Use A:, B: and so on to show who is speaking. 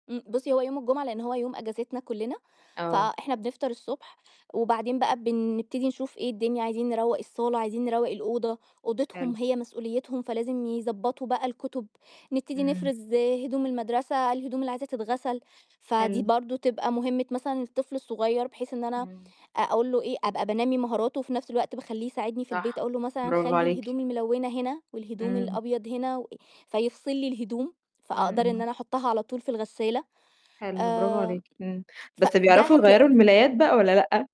A: إمم. بُصّي، هو يوم الجمعة لإن هو يوم أجازتنا كُلّنا،
B: آه.
A: فإحنا بنفطر الصبح، وبعدين بقى بنبتدي نشوف إيه الدنيا عايزين نروّق الصالة، عايزين نروّق الأوضة،
B: حلو.
A: أوضتهم هي مسؤوليتهم فلازم يضّبطوا بقى الكُتب، نبتدي
B: إمم.
A: نفرز هدوم المدرسة الهدوم اللي عايزة تتغسل، فدي
B: حلو.
A: برضه تبقى مهمِة مثلًا الطفل الصغير، بحيث إن أنا
B: إمم.
A: أقول له إيه أبقى بانّمي مهاراته وفي نَفْس الوقت باخلّيه يساعدني في البيت،
B: صح،
A: أقول له مثلًا
B: برافو
A: "خلّي
B: عليكِ.
A: الهدوم الملونة هنا والهدوم
B: إمم.
A: الأبيض هنا و" فيفصل لي الهدوم،
B: إمم،
A: فأقدر إن
B: إمم.
A: أنا أحطها على طُول في الغسالة.
B: حلو برافو
A: آمم
B: عليكِ، إمم. بس
A: فده
B: بيعرفوا
A: هتلاق
B: يغيّروا الملايات بقى والّا لأ؟